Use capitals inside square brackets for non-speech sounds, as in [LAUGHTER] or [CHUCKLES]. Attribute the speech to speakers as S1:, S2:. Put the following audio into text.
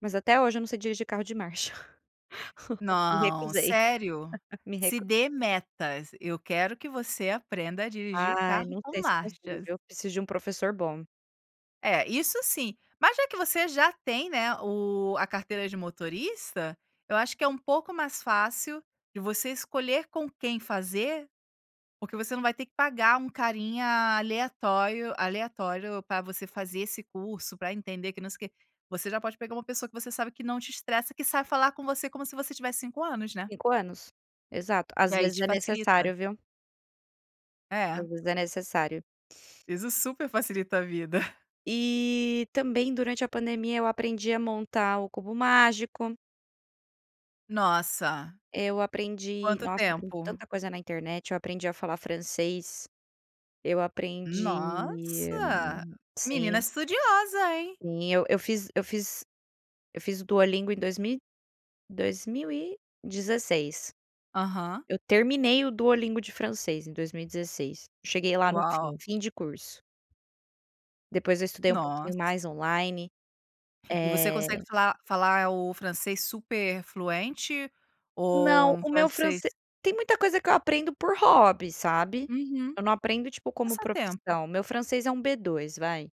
S1: Mas até hoje eu não sei dirigir de carro de marcha. [LAUGHS] Me
S2: Não,
S1: recusei,
S2: sério?
S1: [LAUGHS] me
S2: Se
S1: recu
S2: dê metas, eu quero que você aprenda a dirigir o
S1: Ai,
S2: carro
S1: não
S2: com
S1: sei se eu consigo
S2: marchas.
S1: viu, preciso de um professor bom.
S2: É. isso sim. Mas já que você já tem, né, o a carteira de motorista, eu acho que é um pouco mais fácil de você escolher com quem fazer, porque você não vai ter que pagar um carinha aleatório aleatório para você fazer esse curso, para entender, que não sei o quê, você já pode pegar uma pessoa que você sabe que não te estressa, que sabe falar com você como se você tivesse 5 anos, né.
S1: 5 anos. Exato,
S2: E
S1: às
S2: aí
S1: vezes
S2: te
S1: é
S2: facilita.
S1: necessário, viu.
S2: É.
S1: Às vezes é necessário.
S2: Isso super facilita a vida. [CHUCKLES]
S1: E também durante a pandemia eu aprendi a montar o cubo mágico
S2: Nossa.
S1: eu aprendi,
S2: Quanto
S1: nossa, aprendi
S2: tempo?
S1: tanta coisa na internet, eu aprendi a falar francês. Eu aprendi
S2: Nossa, menina
S1: sim.
S2: estudiosa, hein.
S1: Sim, eu eu fiz eu fiz eu fiz o Duolingo em dois mil e dois mil e dezesseis.
S2: Aham.
S1: Eu terminei o Duolingo de francês em 2016, cheguei lá no fim,
S2: Uau.
S1: fim de curso. Depois eu estudei um pouquinho
S2: Nossa.
S1: mais, online.
S2: E você consegue
S1: Eh
S2: falar falar o francês super fluente ou
S1: Não,
S2: um
S1: o meu franc
S2: francês
S1: tem muita coisa que eu aprendo por hobby, sabe.
S2: Uhum.
S1: Eu não aprendo, tipo, como
S2: Passatempo.
S1: profissão, meu francês é um B2, vai.